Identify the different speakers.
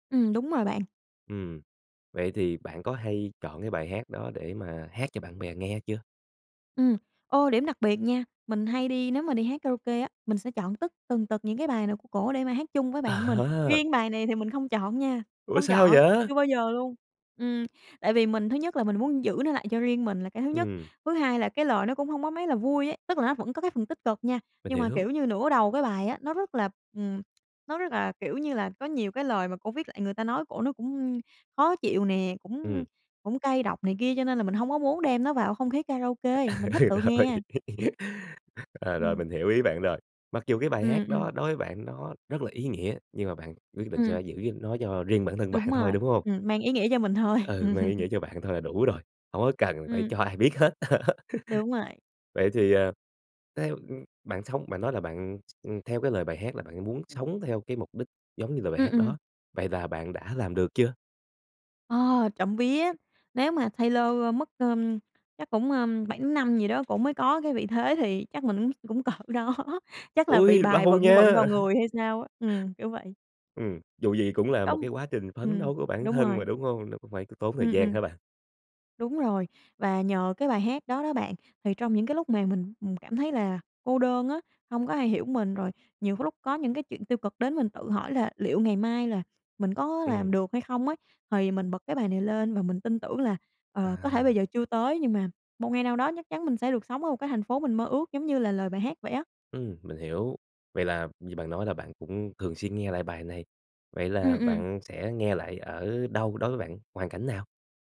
Speaker 1: Ừm, đúng rồi bạn.
Speaker 2: Ừm, vậy thì bạn có hay chọn cái bài hát đó để mà hát cho bạn bè nghe chưa?
Speaker 1: Ừm, ô, điểm đặc biệt nha, mình hay đi nếu mà đi hát karaoke á, mình sẽ chọn tất tần tật những cái bài nào của cổ để mà hát chung với bạn mình,
Speaker 2: À!
Speaker 1: riêng bài này thì mình không chọn nha,
Speaker 2: Ủa
Speaker 1: không
Speaker 2: sao
Speaker 1: chọn,
Speaker 2: vậy?
Speaker 1: chưa bao giờ luôn, ừm, tại vì mình thứ nhất là mình muốn giữ nó lại cho riêng mình là cái thứ nhất,
Speaker 2: Ừm.
Speaker 1: thứ hai là cái lời nó cũng hông có mấy là vui ấy, tức là nó vẫn có cái phần tích cực nha,
Speaker 2: Mình
Speaker 1: nhưng mà,
Speaker 2: hiểu.
Speaker 1: kiểu như, nửa đầu cái bài á, nó rất là, ừm, nó rất là, kiểu như là, có nhiều cái lời mà cổ viết lại người ta nói cổ nó cũng khó chịu nè, cũng
Speaker 2: Ừm.
Speaker 1: cũng cay độc này kia cho nên là mình hông có muốn đem nó vào không khí karaoke,
Speaker 2: À,
Speaker 1: mình thích tự
Speaker 2: rồi,
Speaker 1: nghe.
Speaker 2: ờ, rồi
Speaker 1: Ừm.
Speaker 2: mình hiểu ý bạn rồi. Mặc dù cái bài hát
Speaker 1: Ừm, ừm.
Speaker 2: đó đối với bạn nó rất là ý nghĩa nhưng mà bạn quyết định
Speaker 1: Ừm.
Speaker 2: sẽ giữ nó cho riêng bản thân
Speaker 1: Đúng
Speaker 2: bạn thôi,
Speaker 1: rồi,
Speaker 2: đúng hông?
Speaker 1: ừm, mang ý nghĩa cho mình thôi.
Speaker 2: Ừ, mang ý nghĩa cho bạn thôi là đủ rồi, hổng có cần phải
Speaker 1: Ừm.
Speaker 2: cho ai biết hết.
Speaker 1: Đúng rồi.
Speaker 2: Vậy thì, ờ, theo bạn sống bạn nói là bạn s theo cái lời bài hát là bạn muốn
Speaker 1: Ừm.
Speaker 2: sống theo cái mục đích giống như lời bài
Speaker 1: Ừm,
Speaker 2: hát
Speaker 1: ừm.
Speaker 2: đó, vậy là bạn đã làm được chưa?
Speaker 1: Ờ, trộm vía, nếu mà Taylor mất, ờ chắc cũng, ờ, 7 năm gì đó cổ mới có cái vị thế thì chắc mình cũng cũng cỡ đó chắc là bị
Speaker 2: Ui
Speaker 1: bài
Speaker 2: lâu
Speaker 1: vận
Speaker 2: nha.
Speaker 1: vận vào người hay sao á, ừm, kiểu vậy.
Speaker 2: Ừm, dù gì cũng là một
Speaker 1: Đúng
Speaker 2: cái quá trình phấn
Speaker 1: ừm,
Speaker 2: đấu của bản
Speaker 1: đúng
Speaker 2: thân
Speaker 1: rồi.
Speaker 2: mà, đúng hông? Nó cũng phải có tốn thời
Speaker 1: Ừm,
Speaker 2: gian
Speaker 1: ừm.
Speaker 2: hả bạn?
Speaker 1: Đúng rồi, và nhờ cái bài hát đó đó bạn, thì trong những cái lúc mà mình, ừm, cảm thấy là cô đơn á, hông có ai hiểu mình rồi nhiều cái lúc có những cái chuyện tiêu cực đến mình tự hỏi là liệu ngày mai là mình có làm
Speaker 2: Ừm.
Speaker 1: được hay không ấy, thì mình bật cái bài này lên và mình tin tưởng là, ờ, có thể bây
Speaker 2: À!
Speaker 1: giờ chưa tới nhưng mà một ngày nào đó chắc chắn mình sẽ được sống ở một cái thành phố mình mơ ước giống như là lời bài hát vậy á.
Speaker 2: Ừm, mình hiểu, vậy là như bạn nói là bạn cũng thường xuyên nghe lại bài này, vậy
Speaker 1: Ừm,
Speaker 2: là
Speaker 1: ừm.
Speaker 2: bạn sẽ nghe lại ở đâu đối với bạn, hoàn cảnh nào?